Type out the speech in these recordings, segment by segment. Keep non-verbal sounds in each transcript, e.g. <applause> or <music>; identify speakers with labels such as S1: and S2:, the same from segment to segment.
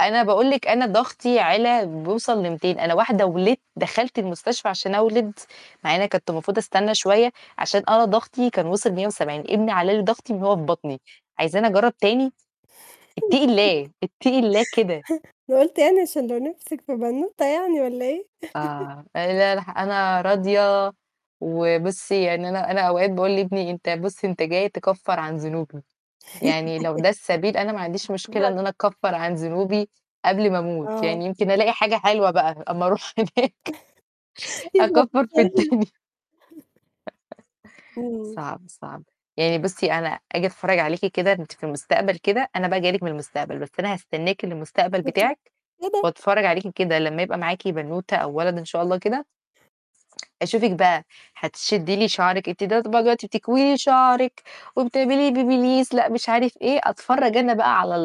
S1: أنا باقول لِك أنا ضغطي علا بيوصل ل200، أنا واحدة ولدت دخلت المستشفى عشان أولد، مع إني كنت المفروض أستنى شوية، عشان أنا ضغطي كان وصل 170، ابني علّى لي ضغطي من وهو في بطني، عايزاني أجرّب تاني؟ اتقي
S2: <laughs>
S1: الله، اتقي الله كده.
S2: أنا قُلت يعني عشان لو نفْسِك في بنوتة يعني والّا إيه. <laughs>
S1: آه، <unintelligible> أنا راضية وبُصّي يعني أنا أنا أوقات باقول لابني: "أنت بُصّ أنت جاي تكفّر عن ذنوبي." يعني لو ده السبيل أنا ما عنديش
S2: <laughs>
S1: مشكلة
S2: بجد؟
S1: إن أنا أكفّر عن ذنوبي قبل ما أموت،
S2: آه.
S1: يعني يمكن ألاقي حاجة حلوة بقى أما أروح هناك.
S2: <chuckles>
S1: أكفّر في
S2: <unintelligible>
S1: الدنيا.
S2: <chuckles>
S1: <laughs>
S2: إمم.
S1: صعب، صعب. يعني بُصّي أنا آجي أتفرّج عليكِ كده أنتِ في المستقبل كده، أنا بقى جاية لِك من المستقبل، بس أنا هستناكِ للمستقبل بتاعِك
S2: <unintelligible>
S1: وأتفرّج عليكِ كده لمّا يبقى معاكِ بنوتة أو ولد إن شاء الله كده أشوفِك بقى هتشدّي لي شعرك أنتِ <unintelligible> طبعًا دلوقتي بتكوي لي شعرِك وبتعملي BaByliss، لأ مش عارف إيه، أتفرّج أنا بقى على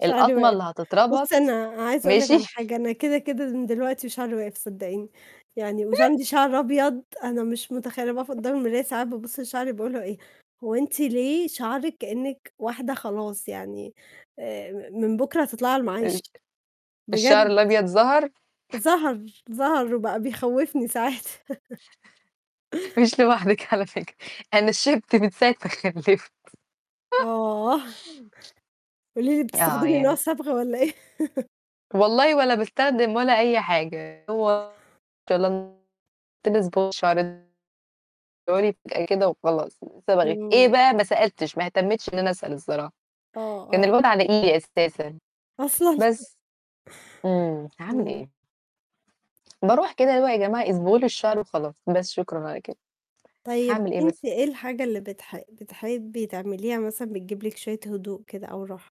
S2: شعري
S1: ال-الأطمة
S2: وقف.
S1: اللي هتتربط.
S2: بُصّي أنا عايزة أقول لِك على
S1: ماشي؟
S2: حاجة، أنا كده، كده من دلوقتي شعري وقف، صدّقيني، يعني وش
S1: <chuckles>
S2: عندي شعر أبيض، أنا مش متخيّلة أنا باقف
S1: <unintelligible>
S2: قدّام المراية ساعات بابُصّ لشعري بيقولوا إيه: "هو أنتِ ليه شعرِك كإنِك واحدة خلاص يعني، آآ م من بُكرة هتطلعي على المعاش."
S1: الش الشعر
S2: بجد.
S1: الأبيض ظهر؟
S2: ظهر، ظهر وبقى بيخوّفني ساعات. <chuckles>
S1: مش لوحدِك على فكرة. أنا شِبت من ساعة ما خلّفت. <laughs>
S2: آه. قولي لي
S1: آه
S2: بتستخدمي نوع
S1: يا
S2: صبغة والّا إيه؟ <laughs>
S1: والله ولا باستخدم ولا أي حاجة، هو <unintelligible> كده وخلاص، صبغة إيه
S2: إمم.
S1: بقى؟ ما سألتش. ما اهتمتش إن أنا أسأل الصراحة.
S2: آه،
S1: كان
S2: آه.
S1: الواد على إيدي أساسًا،
S2: أصلًا. <chuckles>
S1: بس. إمم، هاعمل
S2: إمم.
S1: إيه؟! باروح كده اللي هو يا جماعة اصبغوا لي الشعر وخلاص، بس شكرًا على كده.
S2: طيب
S1: هاعمل إيه
S2: أنتِ
S1: بس.
S2: إيه الحاجة اللي بتح بتحبي تعمليها مثلًا بتجيب لِك شوية هدوء كده أو راحة؟